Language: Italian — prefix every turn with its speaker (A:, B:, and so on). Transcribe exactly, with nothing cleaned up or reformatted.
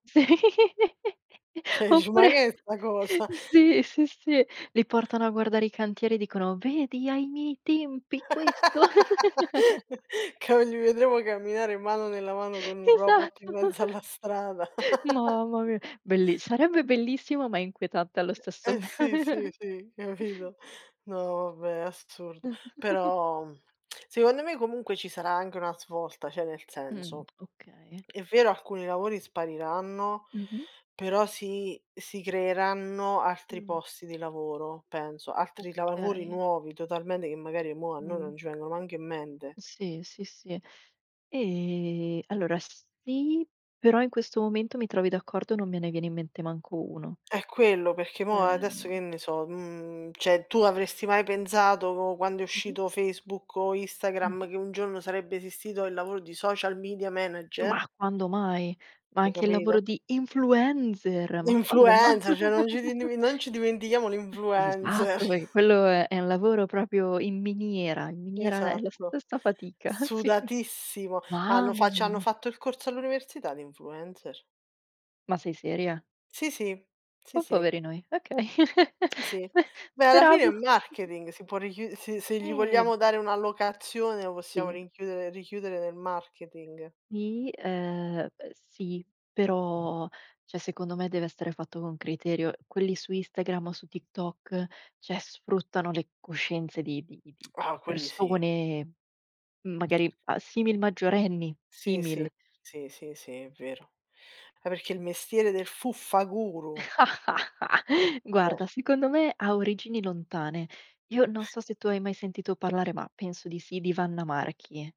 A: Sì,
B: ceh ici: "ma
A: oppure
B: che è sta cosa?"
A: sì, sì, sì. Li portano a guardare i cantieri e dicono: "Vedi, ai miei tempi questo".
B: Che non li vedremo camminare mano nella mano con un robot
A: Esatto.
B: in mezzo alla strada.
A: Mamma mia! Bellis sarebbe bellissimo ma inquietante allo stesso
B: Eh
A: m
B: sì, sì, sì, capido? No vabbè è assurdo, però, mhmm, secondo me comunque ci sarà anche una svolta, ceh nel
A: Mh.
B: senso,
A: Okay.
B: è vero alcuni lavori spariranno,
A: Mh-mh.
B: però si si creeranno altri
A: Mh.
B: posti di lavoro, penso, altri lavori
A: Okay.
B: nuovi totalmente, che magari mo' a noi
A: Mh.
B: non ci vengono manc' in mente.
A: Sì, sì, sì. E allora sì, però in questo momento mi trovi d'accordo, non me ne viene in mente manco uno.
B: È quello, perché mo' adesso, che
A: Cioè
B: ne so, mhmm, ceh tu avresti mai penzato quando è
A: Mh-mh.
B: uscito Facebook o Instagram,
A: Mh-mh.
B: che un giorno sarebbe esistito il lavoro di social media manager?
A: Mah quando mai? Ma
B: Hai
A: anche il
B: capido?
A: lavoro di influenzer, ma quando ma?
B: L'influencer, ceh non ci dimen non ci dimentichiamo l'influencer.
A: Esatto, perché quello è è un lavoro proprio in miniera, in miniera è la
B: Esatto.
A: stessa fatica, sì.
B: Sudatissimo, hanno
A: Mamma
B: fa c'hanno
A: mia!
B: fatto il corso all'università di influencer.
A: Ma sei seria?
B: Sì, sì. Sì,
A: Oh
B: sì.
A: poverino i okay.
B: Si, si. Beh alla fine è
A: Speravo.
B: marketing, si può richiu se se gli
A: Eh!
B: vogliamo dare una allocazione lo possiamo
A: Sia
B: rinchiudere richiudere nel marketing.
A: Ni, ehm uhm sì, però cioè secondo me deve essere fatto con criterio. Quelli su Instagram o su TikTok, cioè sfruttano le coscienze di di di di
B: Oh! Quelli sì.
A: persone, magari a simil maggiorenni,
B: Sì, sì,
A: simil.
B: si, sì, sì, è vero. Ah perché
A: Sì.
B: il mestiere del fuffa-guru. Eh.
A: Guarda, secondo me ha origini lontane. Io non so se tu hai mai sentito parlare, ma penso di sì, di Wanna Marchi.